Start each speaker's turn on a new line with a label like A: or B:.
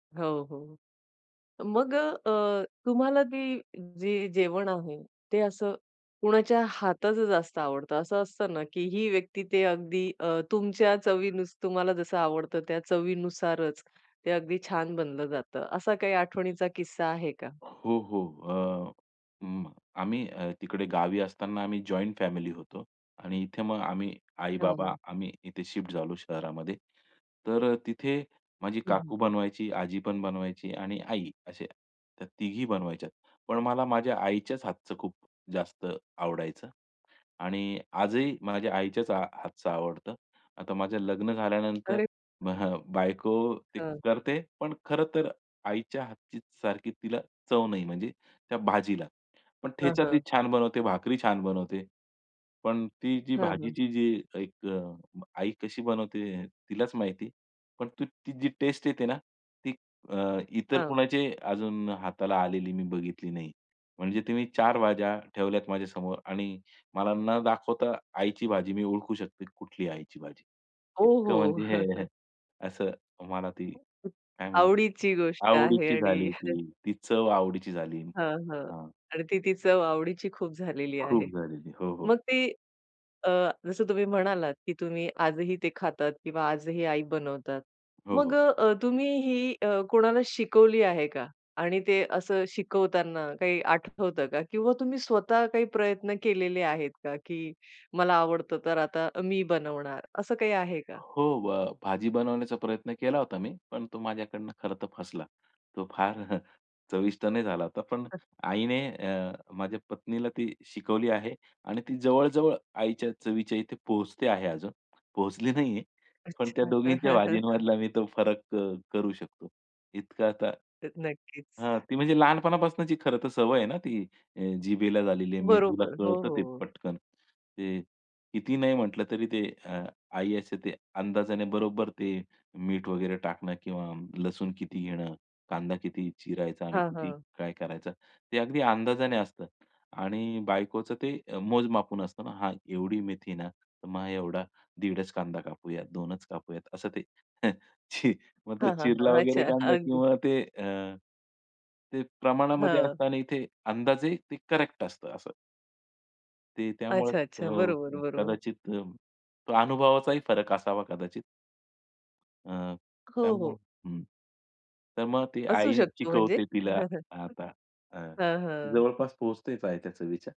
A: हो, हो. मग अ, अ, तुम्हाला ती, जे जेवण आहे ते असं कुणाच्या हाताचं जास्त आवडतं, असं असतं ना की ही व्यक्ती ते अगदी अ, तुमच्या चवीनेच तुम्हाला जसं आवडतं त्या चवीनुसारच ते अगदी छान बनलं जातं, असा काही आठवणीचा किस्सा आहे का?
B: हो, हो. अ, अं, आम्ही अ, तिकडे गावी असताना आम्ही जॉइंट फॅमिली होतो आणि इथे मग आम्ही
A: हां,
B: आई-बाबा
A: हां.
B: आम्ही इथे शिफ्ट झालो शहरामध्ये. तर अ, तिथे माझी
A: हं, हं.
B: काकू बनवायची, आजी पण बनवायची आणि आई. असे अ, त्या तिघी बनवायच्यात. पण मला माझ्या आईच्याच हातचं खूप जास्त आवडायचं आणि आजही माझ्या आईच्याच हा हातचं आवडतं. आता माझं लग्न झाल्यानंतर
A: अरे!
B: बायको ते
A: हं.
B: करते. पण खरं तर आईच्या हातची सारखी तिला चव नाही, म्हणजे त्या भाजीला. पण
A: हं,
B: ठेचा ती
A: हां.
B: छान बनवते, भाकरी छान बनवते. पण ती जी
A: हां, हां.
B: भाजीची जी एक अ, आई कशी बनवते तिलाच माहिती, पण तु ती जी टेस्ट येते ना, ती अ, इतर
A: हां.
B: कुणाची अजून हाताला आलेली मी बघितली नाही. म्हणजे तुम्ही 4 भाज्या ठेवल्यात माझ्यासमोर आणि मला न दाखवता आईची भाजी मी ओळखू शकतो, कुठली आहे आईची भाजी,
A: ओह
B: इतकं म्हणजे
A: हो!
B: हे असं मला ती काय म्हणू,
A: आवडीची गोष्ट आहे
B: आवडीची
A: आणि
B: झाली ती, ती चव आवडीची झाली.
A: हां, हां,
B: हं.
A: आणि ती ती चव आवडीची खूप झालेली
B: खूप
A: आहे.
B: झालेली. हो, हो.
A: मग ती अ, जसं तुम्ही म्हणालात की तुम्ही आजही ते खातात किंवा आजही आई बनवतात,
B: हो,
A: मग
B: हो.
A: अ, तुम्ही ही अ, कोणाला शिकवली आहे का? आणि ते असं शिकवताना काही आठवतं का? किंवा तुम्ही स्वतः काही प्रयत्न केलेले आहेत का की मला आवडतं, तर आता मी बनवणार, असं काही आहे का?
B: हो, भ भाजी बनवण्याचा प्रयत्न केला होता मी, पण तो माझ्याकडून खरं तर फसला. तो फार चविष्ट नाही झाला होता. पण आईने अ, माझ्या पत्नीला ती शिकवली आहे आणि ती जवळ-जवळ आईच्या चवीच्या इथे पोहोचते आहे अजून. पोहोचली नाहीये. पण त्या
A: अच्छा.
B: दोघींच्या भाजींमधला मी तो फरक क करू शकतो. इतका आता
A: तर नक्कीच.
B: हां, ती म्हणजे लहानपणापासूनची खरं तर सवय आहे ना ती अ, जिभेला झालेली आहे, मेंदूला
A: बरोबर. हो,
B: कळतं
A: हो,
B: ते
A: हो.
B: पटकन. ते कितीही नाही म्हटलं तरी ते अ, आई असे ते अंदाजाने बरोबर ते मीठ वगैरे टाकणं किंवा लसूण किती घेणं, कांदा किती चिरायचा आणि
A: हां,
B: किती
A: हां.
B: काय करायचं? ते अगदी अंदाजाने असतं आणि बायकोचं ते मोज-मापून असतं ना हां, एवढी मेथी ना, तर मग एवढा दीडच कांदा कापूया, 2 च कापूयात असं ते. अ, मग तो
A: हां, हां,
B: चिरला
A: हां.
B: वगैरे
A: अच्छा
B: कांदा
A: अगदी.
B: किंवा ते अ, ते अ, प्रमाणामध्ये
A: हां.
B: असतं आणि इथे अंदाजे ते करेक्ट असतं असं. ते त्यामुळे
A: अच्छा, अच्छा. बरोबर,
B: अ,
A: बरोबर.
B: कदाचित अ, तो अनुभवाचाही फरक असावा कदाचित. अ,
A: हो,
B: त्यामुळं
A: हो.
B: हं. तर मग ती
A: असू
B: आई
A: शकतो म्हणजे?
B: शिकवते तिला आता हं,
A: हं, हं.
B: जवळपास पोहचतेच आहे त्या चवीच्या.